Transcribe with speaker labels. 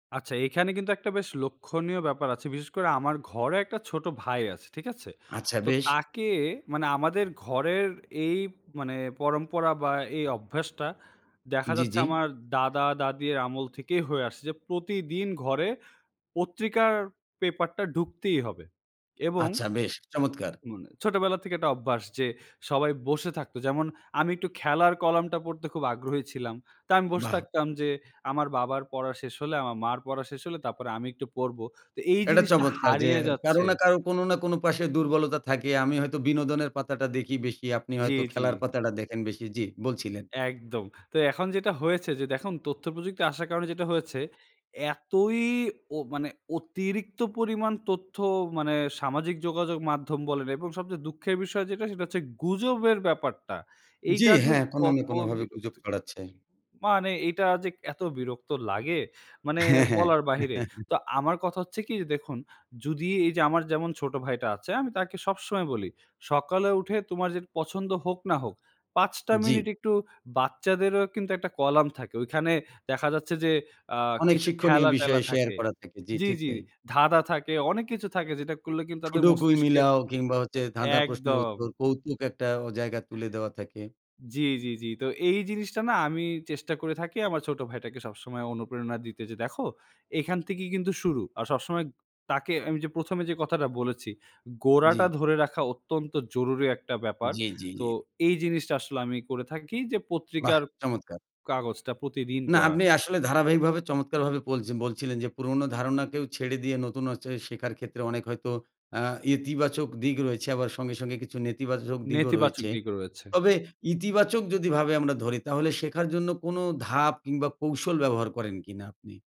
Speaker 1: আচ্ছা। এখানে কিন্তু একটা বেশ লক্ষণীয় ব্যাপার আছে বিশেষ করে আমার ঘরে একটা ছোটো ভাই আছে। ঠিক আছে?
Speaker 2: আচ্ছা,
Speaker 1: তো
Speaker 2: বেশ।
Speaker 1: তাকে মানে আমাদের ঘরের এই মানে পরম্পরা বা এই অভ্যাসটা দেখা
Speaker 2: জ্বি,
Speaker 1: যাচ্ছে
Speaker 2: জ্বি।
Speaker 1: আমার দাদা-দাদির আমল থেকেই হয়ে আসছে যে প্রতিদিন ঘরে পত্রিকার পেপারটা ঢুকতেই হবে। এবং
Speaker 2: আচ্ছা। বেশ, চমৎকার।
Speaker 1: মানে ছোটবেলা থেকে একটা অভ্যাস যে সবাই বসে থাকতো। যেমন আমি একটু খেলার কলামটা পড়তে খুব আগ্রহী ছিলাম। তো আমি বসে
Speaker 2: বাহ!
Speaker 1: থাকতাম যে আমার বাবার পড়া শেষ হলে, আমার মার পড়া শেষ হলে তারপরে আমি একটু পড়বো। তো এই
Speaker 2: এটা
Speaker 1: জিনিসটা
Speaker 2: চমৎকার যে
Speaker 1: হারিয়ে
Speaker 2: কারো
Speaker 1: যাচ্ছে।
Speaker 2: না কারো, কোন না কোন পাশে দুর্বলতা থাকেই, আমি হয়তো বিনোদনের পাতাটা দেখি বেশি। আপনি
Speaker 1: জ্বি,
Speaker 2: হয়তো
Speaker 1: জ্বি।
Speaker 2: খেলার পাতাটা দেখেন বেশি। জ্বী, বলছিলেন।
Speaker 1: একদম। তো এখন যেটা হয়েছে যে দেখুন, তথ্য প্রযুক্তি আসার কারণে যেটা হয়েছে এতই ও মানে অতিরিক্ত পরিমাণ তথ্য মানে সামাজিক যোগাযোগ মাধ্যম বলেন এবং সবচেয়ে দুঃখের বিষয় যেটা সেটা হচ্ছে গুজবের ব্যাপারটা।
Speaker 2: জ্বি,
Speaker 1: এইটা যে
Speaker 2: হ্যাঁ, কোন না
Speaker 1: কত
Speaker 2: কোনভাবে গুজব
Speaker 1: বিরক্তিকর।
Speaker 2: ছড়াচ্ছে।
Speaker 1: মানে এইটা যে এত বিরক্ত লাগে, মানে
Speaker 2: হ্যাঁ, হ্যাঁ।
Speaker 1: বলার বাহিরে। তো আমার কথা হচ্ছে কি? যে, দেখুন যদি এইযে আমার যেমন ছোট ভাইটা আছে আমি তাকে সবসময় বলি। সকালে উঠে তোমার যে পছন্দ হোক না হোক ৫ টা
Speaker 2: জ্বি।
Speaker 1: মিনিট একটু বাচ্চাদেরও কিন্তু একটা কলাম থাকে। ঐখানে দেখা যাচ্ছে যে আ
Speaker 2: অনেক
Speaker 1: কিছু
Speaker 2: শিক্ষণীয়
Speaker 1: খেলা-টেলা
Speaker 2: বিষয় শেয়ার
Speaker 1: থাকে।
Speaker 2: করা থাকে। জ্বি,
Speaker 1: জ্বি,
Speaker 2: ঠিক
Speaker 1: জ্বি,
Speaker 2: তাই।
Speaker 1: ধাঁধা থাকে, অনেক কিছু থাকে যেটা করলে কিন্তু তাদের
Speaker 2: ছোট কুইজ
Speaker 1: মস্তিষ্কের
Speaker 2: মিলাও কিংবা হচ্ছে ধাঁধা প্রশ্নের
Speaker 1: একদম।
Speaker 2: উত্তর কৌতুক একটা অ জায়গা তুলে দেয়া থাকে।
Speaker 1: জ্বি, জ্বি, জ্বি। তো এই জিনিসটা না আমি চেষ্টা করে থাকি আমার ছোট ভাইটাকে সবসময় অনুপ্রেরণা দিতে যে, "দেখো, এখান থেকেই কিন্তু শুরু।" আর সবসময় তাকে আমি যে ১ম এ যে কথাটা বলেছি। গোড়াটা
Speaker 2: জ্বি।
Speaker 1: ধরে রাখা অত্যন্ত জরুরি একটা ব্যাপার।
Speaker 2: জ্বী, জ্বী,
Speaker 1: তো
Speaker 2: জ্বী।
Speaker 1: এই জিনিসটা আসলে আমি করে থাকি যে
Speaker 2: বাহ!
Speaker 1: পত্রিকার
Speaker 2: চমৎকার।
Speaker 1: কাগজটা প্রতিদিন
Speaker 2: না,
Speaker 1: পড়ার।
Speaker 2: আপনি আসলে ধারাবাহিকভাবে চমৎকারভাবে বলছে বলছিলেন যে পুরনো ধারণাকেও ছেড়ে দিয়ে নতুন হচ্ছে শেখার ক্ষেত্রে অনেক হয়তো আ ইতিবাচক দিক রয়েছে। আবার সঙ্গে, সঙ্গে কিছু নেতিবাচক দিকও
Speaker 1: নেতিবাচক
Speaker 2: রয়েছে।
Speaker 1: দিকও রয়েছে।
Speaker 2: তবে ইতিবাচক যদি ভাবে আমরা ধরি তাহলে শেখার জন্য কোন ধাপ কিংবা কৌশল ব্যবহার করেন কিনা আপনি?